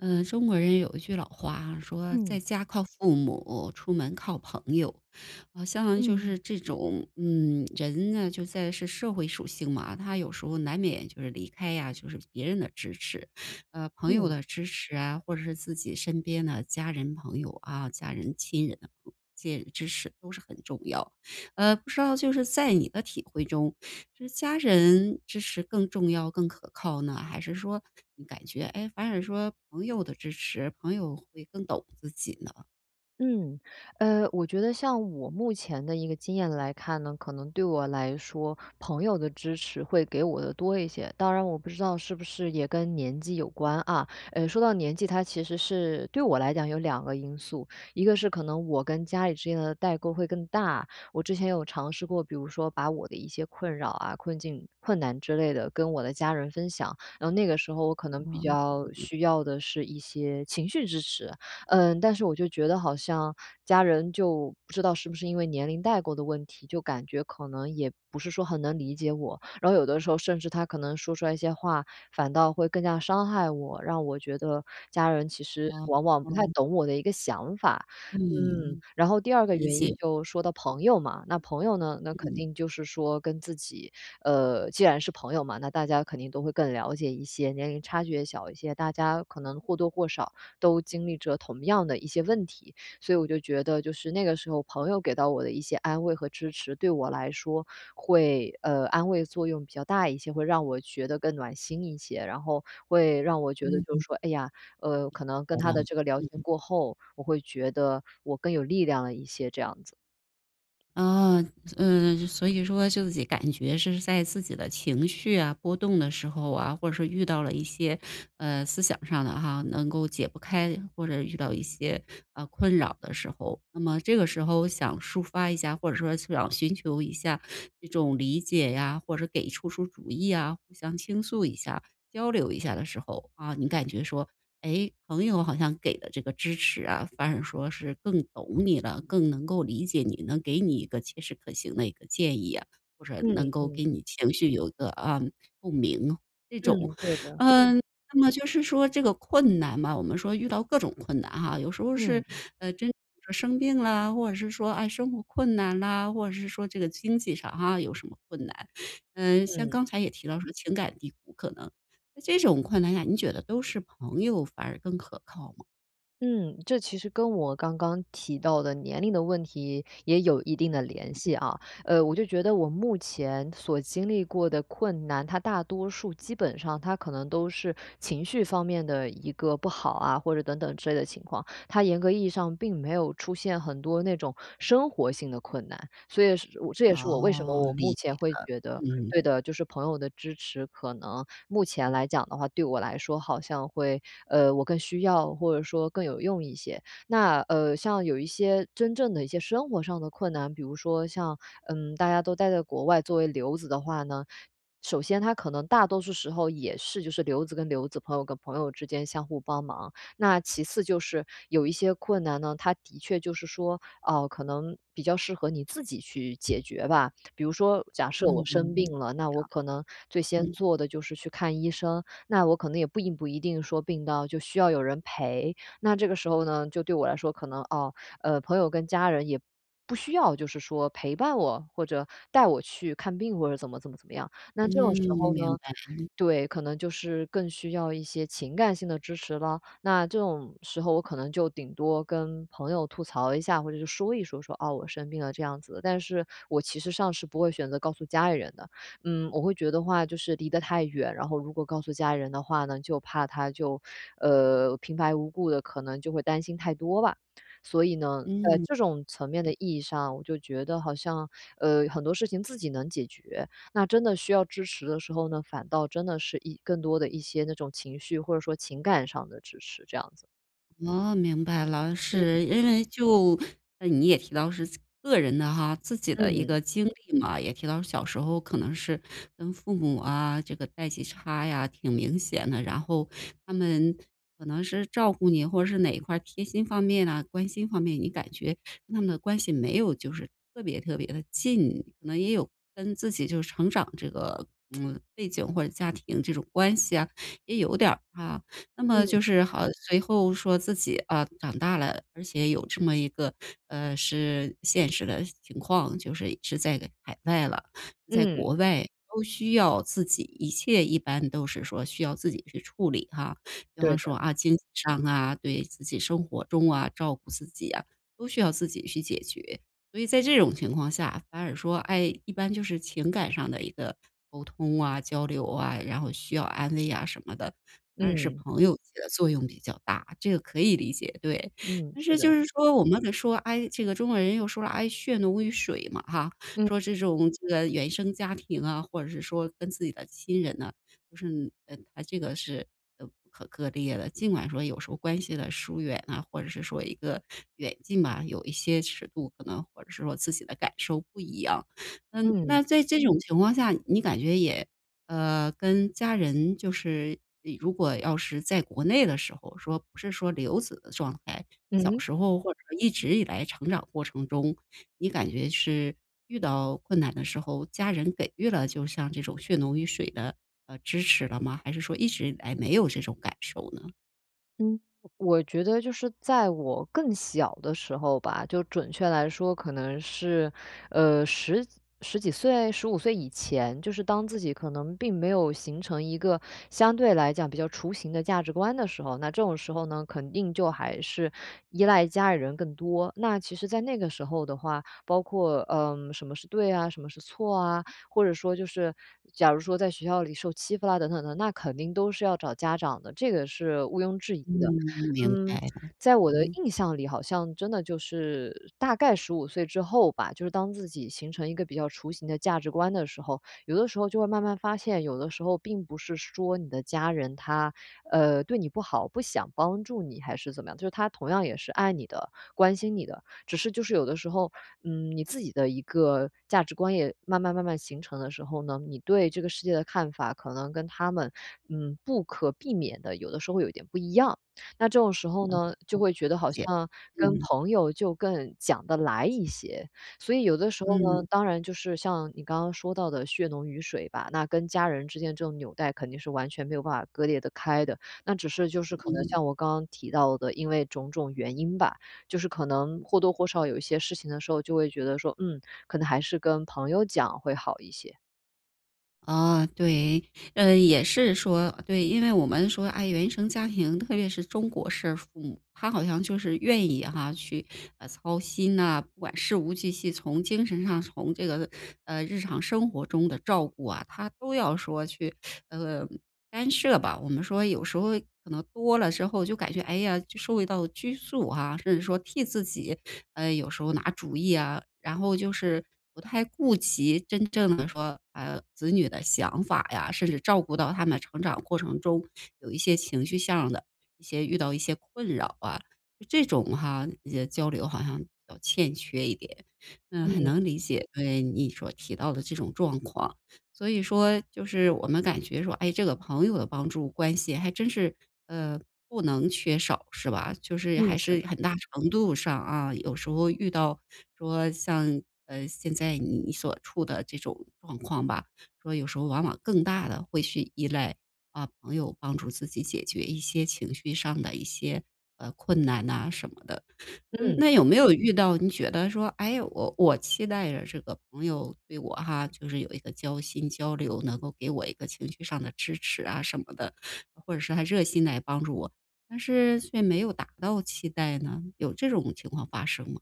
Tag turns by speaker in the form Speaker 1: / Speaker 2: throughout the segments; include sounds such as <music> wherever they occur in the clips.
Speaker 1: 嗯，中国人有一句老话啊，说：
Speaker 2: 嗯。
Speaker 1: “在家靠父母，出门靠朋友”，好像就
Speaker 2: 嗯。
Speaker 1: 是这种嗯，人呢，就在是社会属性嘛，他有时候难免就是离开呀，就是别人的支持，啊，朋友
Speaker 2: 嗯。
Speaker 1: 的支持啊，或者是自己身边呢，家人朋友，啊，家人、亲人，亲人的支持都是很重要。呃，不知道就是在你的体会中，是家人支持更重要、更可靠呢？还是说你感觉，诶，反而说朋友的支持朋友会更懂自己呢？
Speaker 2: 嗯，呃，我觉得像我目前的一个经验来看呢，可能对我来说，朋友的支持会给我的多一些。当然我不知道是不是也跟年纪有关，啊，呃，说到年纪，它其实是对我来讲有2个因素。一个是可能我跟家里之间的代沟会更大，我之前有尝试过，比如说把我的一些困扰啊，困境、困难之类的跟我的家人分享，然后那个时候我可能比
Speaker 1: 哦，
Speaker 2: 较
Speaker 1: 明
Speaker 2: 需要的是一些情绪支持，嗯，但是我就觉得好像家人就不知道是不是因为年龄代沟的问题，就感觉可能也不是说很能理解我，然后有的时候甚至他可能说出来一些话，反倒会更加伤害我，让我觉得家人其实
Speaker 1: 哦，
Speaker 2: 往往不太
Speaker 1: 嗯。
Speaker 2: 懂我的一个想法。嗯，
Speaker 1: 嗯，
Speaker 2: 然后第2个
Speaker 1: 理
Speaker 2: 原因
Speaker 1: 解。
Speaker 2: 就说到朋友嘛，那朋友呢，那肯
Speaker 1: 嗯。
Speaker 2: 定就是说跟自己呃，既然是朋友嘛，那大家肯定都会更了解一些，年龄差距也小一些，大家可能或多或少都经历着同样的一些问题，所以我就觉得就是，那个时候朋友给到我的一些安慰和支持，对我来说会呃，安慰作用比较大一些，会让我觉得更暖心一些，然后会让我觉得就是
Speaker 1: 嗯。
Speaker 2: 说，哎呀，呃，可能跟
Speaker 1: 我
Speaker 2: 他
Speaker 1: 们
Speaker 2: 的这个聊天
Speaker 1: 嗯。
Speaker 2: 过后，我会觉得我更有力量了一些，这样子。
Speaker 1: 啊，嗯，所以说就己感觉是在自己的情绪啊，波动的时候啊，或者说遇到了一些，呃，思想上的哈，能够解不开，或者遇到一些，呃，困扰的时候，那么这个时候想抒发一下，或者说想寻求一下这种理解呀，或者是给出出主意呀，互相倾诉一下交流一下的时候，啊，你感觉说，诶，朋友好像给的这个支持啊，反而说是更懂你了、更能够理解你，能给你一个切实可行的一个建议啊，或是
Speaker 2: 嗯，
Speaker 1: 能够
Speaker 2: 嗯。
Speaker 1: 给你情绪有一个，啊，共鸣这种。
Speaker 2: 嗯，对的。
Speaker 1: 嗯，那么就是说这个困难嘛，我们说遇到各种困难哈，有时候是，
Speaker 2: 嗯。
Speaker 1: 呃，真 <unintelligible> 生病啦，或者是说，诶，生活困难啦，或者是说这个经济上哈，有什么困难，嗯，像
Speaker 2: 嗯。
Speaker 1: 刚才也提到说情感低谷可能，在这种困难下，你觉得都是朋友反而更可靠吗？
Speaker 2: 嗯，这其实跟我刚刚提到的年龄的问题，也有一定的联系啊。呃，我就觉得我目前所经历过的困难，它大多数基本上它可能都是情绪方面的一个不好啊，或者等等之类的情况，它严格意义上并没有出现很多那种生活性的困难。所以是我这也是我为什么
Speaker 1: 哦，
Speaker 2: 我
Speaker 1: 理
Speaker 2: 目前
Speaker 1: 解
Speaker 2: 会觉得
Speaker 1: 了，
Speaker 2: 对
Speaker 1: 嗯。
Speaker 2: 的，就是朋友的支持可能目前来讲的话，对我来说好像会，呃，我更需要，或者说更有用一些。那，呃，像有一些真正的一些生活上的困难，比如说像，嗯，大家都待在国外作为留子的话呢，首先它可能大多数时候也是就是留子跟留子、朋友跟朋友之间相互帮忙。那其次就是有一些困难呢，它的确就是说，哦，可能比较适合你自己去解决吧。比如说假设
Speaker 1: 嗯，
Speaker 2: 我
Speaker 1: 好。
Speaker 2: 生病了，那我可能最先
Speaker 1: 嗯。
Speaker 2: 做的就是去看医生，那我可能也并不一定说病到就需要有人陪。那这个时候呢，就对我来说可能，哦，呃，朋友跟家人也不需要就是说陪伴我，或者带我去看病或者怎么怎么怎么样，那这种时候
Speaker 1: 嗯，
Speaker 2: 呢，
Speaker 1: 明白，嗯。
Speaker 2: 对，可能就是更需要一些情感性的支持了。那这种时候我可能就顶多跟朋友吐槽一下，或者是说一说，说：“哦，我生病了。”这样子。但是，我其实上是不会选择告诉家里人的，嗯，我会觉得的话就是离得太远，然后如果告诉家里人的话呢，就怕他就，呃，平白无故地可能就会担心太多吧。所以呢，在
Speaker 1: 嗯。
Speaker 2: 这种层面的意义上，我就觉得好像，呃，很多事情自己能解决。那真的需要支持的时候呢，反倒真的是一更多的一些那种情绪，或者说情感上的支持这样子。
Speaker 1: 哦，明白了，是。因为就你也提到是个人的哈，自己的一
Speaker 2: 嗯。
Speaker 1: 个经历嘛，也提到小时候可能是跟父母啊，这个代际差呀，挺明显的，然后他们可能是照顾你，或者是哪一块儿贴心方面啊、关心方面，你感觉跟他们的关系没有就是特别特别地近，可能也有跟自己就是成长这个 <tsk> 背景或者家庭这种关系啊，也有点儿，啊。那么
Speaker 2: 嗯。
Speaker 1: 就是好随后说自己，啊，长大了，而且有这么一个，呃，是现实的情况就是是在海外了，在
Speaker 2: 嗯。
Speaker 1: 国外都需要自己一切一般都是说需要自己去处理，啊，比
Speaker 2: 对
Speaker 1: 方说，
Speaker 2: 的。
Speaker 1: 啊，经济上啊，对，自己生活中啊、照顾自己啊，都需要自己去解决。所以在这种情况下反而说，哎，一般就是情感上的一个沟通啊、交流啊，然后需要安慰啊什么的，反而是
Speaker 2: 嗯。
Speaker 1: 朋友起的作用比较大，这个可以理解，对。
Speaker 2: 嗯，
Speaker 1: 但
Speaker 2: 是
Speaker 1: 是就
Speaker 2: 的。
Speaker 1: 是说，我们的说，哎，这个中国人又说了，哎，“血浓于水”嘛哈，
Speaker 2: 嗯。
Speaker 1: 说这种是原生家庭啊，或者是说跟自己的亲人呢，就是，呃，它这个是，呃，不可割裂的。尽管说有时候关系的疏远啊，或者是说一个远近吧，有一些尺度，可能或者是说自己的感受不一样。嗯，
Speaker 2: 嗯。
Speaker 1: 那在这种情况下你感觉也呃，跟家人就是，呃，如果要是在国内的时候说不是说留子的状态，
Speaker 2: 嗯
Speaker 1: 小
Speaker 2: 哼。
Speaker 1: 时候或者一直以来成长过程中，你感觉是遇到困难的时候，家人给予了就像这种“血浓于水”的，呃，支持了吗？还是说一直以来没有这种感受呢？
Speaker 2: 嗯。我觉得就是在我更小的时候吧，就准确来说，可能是，呃，1010几岁，15岁以前，就是当自己可能并没有形成一个相对来讲比较雏形的价值观的时候，那这种时候呢，肯定就还是依赖家里人更多。那其实在那个时候的话，包括，嗯，什么是对呀，什么是错啊，或者说就是假如说在学校里受欺负啦等等等等，那肯定都是要找家长的，这个是毋庸置疑
Speaker 1: 嗯，
Speaker 2: 的。
Speaker 1: 明
Speaker 2: 嗯，
Speaker 1: 白了，
Speaker 2: 在我的
Speaker 1: 嗯。
Speaker 2: 印象里，好像真的就是大概15岁之后吧，就是当自己形成一个比较雏形的价值观的时候，有的时候就会慢慢发现，有的时候并不是说你的家人他，呃，对你不好，不想帮助你还是怎么样，就是他同样也是爱你的、关心你的，只是就是有的时候，嗯，你自己的一个价值观也慢慢慢慢形成的时候呢，你对这个世界的看法可能跟他们，嗯，不可避免地，有的时候会有点不一样。那这种时候
Speaker 1: 嗯，嗯。
Speaker 2: 呢，就会觉得
Speaker 1: 理
Speaker 2: 好
Speaker 1: 解，
Speaker 2: 像跟
Speaker 1: 嗯。
Speaker 2: 朋友就更讲得来一些。所以有的时候呢，
Speaker 1: 嗯。
Speaker 2: 当然就是像你刚刚说到的血浓于水吧，那跟家人之间这种纽带肯定是完全没有办法割裂得开的。那只是就是可能
Speaker 1: 嗯。
Speaker 2: 像我刚刚提到的，因为种种原因吧，就是可能或多或少有一些事情的时候就会觉得说，嗯，可能还是跟朋友讲会好一些。
Speaker 1: 啊，对，呃，也是说呃，对，因为我们说，哎，原生家庭，特别是中国式父母，他好像就是愿意哈，去，呃，操心啊，不管事无巨细，从精神上，从这个，呃，日常生活中的照顾啊，他都要说去，呃，干涉吧。我们说有时候可能多了之后就感觉，哎呀，就受到拘束啊，甚至说替自己，呃，有时候拿主意啊，然后就是不太顾及真正的说，啊，子女的想法呀，甚至照顾到他们成长过程中有一些情绪向的，一些遇到一些困扰啊，这种哈，一些交流好像比较欠缺一点。嗯，很
Speaker 2: 嗯。
Speaker 1: 能理解，对，你所提到的这种状况。所以说就是我们感觉说，哎，这个朋友的帮助关系还真是，呃，不能缺少是吧？就是
Speaker 2: 嗯，
Speaker 1: 还
Speaker 2: 是的。
Speaker 1: 是很大程度上啊，有时候遇到说像，呃，现在你所处的这种状况吧，说有时候往往更大地会去依赖，啊，朋友帮助自己解决一些情绪上的一些，呃，困难啊什么的。嗯，
Speaker 2: 嗯。
Speaker 1: 那有没有遇到你觉得说，哎，我我期待着这个朋友对我哈，就是有一个交心、交流，能够给我一个情绪上的支持啊什么的，或者是还热心来帮助我，但是却没有达到期待呢？有这种情况发生吗？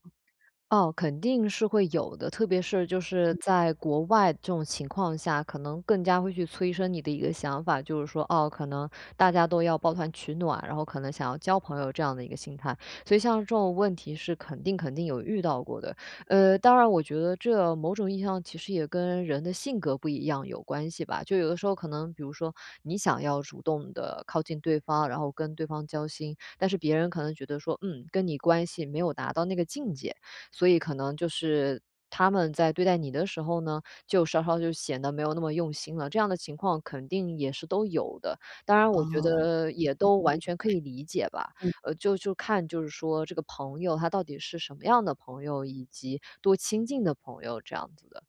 Speaker 2: 哦，肯定是会有的，特别是就是
Speaker 1: 嗯。
Speaker 2: 在国外这种情况下，可能更加会去催生你的一个想法，就是说，哦，可能大家都要抱团取暖，然后可能想要交朋友这样的一个心态。所以像这种问题是肯定肯定有遇到过的，呃，当然我觉得这某种意义上，其实也跟人的性格不一样有关系吧。就有的时候可能比如说你想要主动地靠近对方，然后跟对方交心，但是别人可能觉得说，“嗯，跟你关系没有达到那个境界”。所以可能就是他们在对待你的时候呢，就稍稍就显得没有那么用心了，这样的情况肯定也是都有的。当然我觉
Speaker 1: 哦。
Speaker 2: 得也都完全可以理解吧，
Speaker 1: <unintelligible> 嗯。
Speaker 2: 呃，就就看，就是说这个朋友，他到底是什么样的朋友，以及多亲近的朋友这样子的。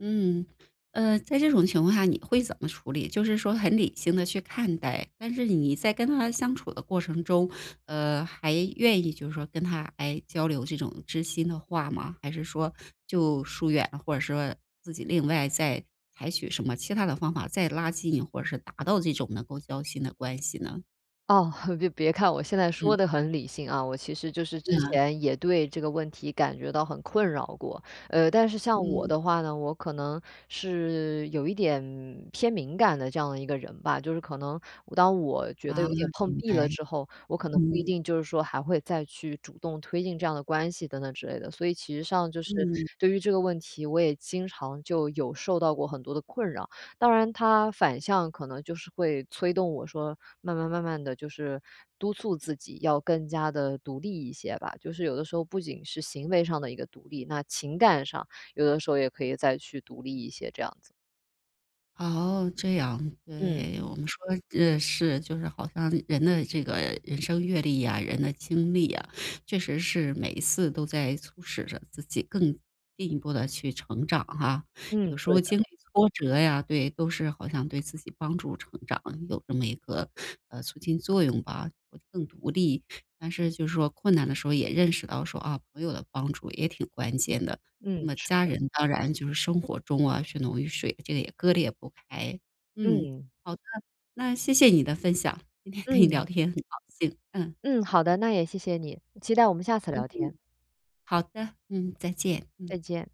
Speaker 1: 嗯，呃，在这种情况下你会怎么处理？就是说很理性地去看待，但是你在跟他相处的过程中，呃，还愿意就是说跟他，哎，交流这种知心的话吗？还是说就疏远，或者说自己另外再采取什么其它的方法再拉近，或者是达到这种能够交心的关系呢？
Speaker 2: 哦，<laughs> 别别看我现在说
Speaker 1: 嗯。
Speaker 2: 得很理性啊，我其实就是之
Speaker 1: 啊。
Speaker 2: 前，也对这个问题感觉到很困扰过。呃，但是像我
Speaker 1: 嗯。
Speaker 2: 的话呢，我可能是有一点偏敏感的这样的一个人吧，就是可能当我觉得
Speaker 1: 啊，
Speaker 2: 有点碰
Speaker 1: 明
Speaker 2: 壁
Speaker 1: 白，
Speaker 2: 了之后，我可能不一
Speaker 1: 嗯。
Speaker 2: 定就是说还会再去主动推进这样的关系，等等之类的。所以其实上就是
Speaker 1: 嗯。
Speaker 2: 对于这个问题，我也经常就有受到过很多的困扰。当然它反向可能就是会催动我说，慢慢慢慢地就是督促自己要更加地独立一些吧，就是有的时候不仅是行为上的一个独立，那情感上，有的时候也可以再去独立一些，这样子。
Speaker 1: 哦，这样，
Speaker 2: 嗯。
Speaker 1: 对。我们说呃，是就是好像人的这个人生阅历啊、人的经历啊，确实是每一次都在促使着自己更进一步地去成长哈，有
Speaker 2: 嗯，
Speaker 1: 时
Speaker 2: 对
Speaker 1: 候
Speaker 2: 的。
Speaker 1: 经历挫折呀，对，都是好像对自己帮助成长有这么一个，呃，促进作用吧，会更独立，但是就是说困难的时候也认识到说，啊，朋友的帮助也挺关键的。那
Speaker 2: 嗯，
Speaker 1: 么
Speaker 2: 是
Speaker 1: 家
Speaker 2: 的。
Speaker 1: 人当然就是生活中啊，血浓于水，这个也割裂不开。嗯，
Speaker 2: 嗯。
Speaker 1: 好的，那谢谢你的分享，今天跟你
Speaker 2: 嗯。
Speaker 1: 聊天很高兴，嗯。
Speaker 2: 嗯，好的。那也谢谢你，期待我们下次聊天。
Speaker 1: 好的，嗯，再见，嗯。
Speaker 2: 再见。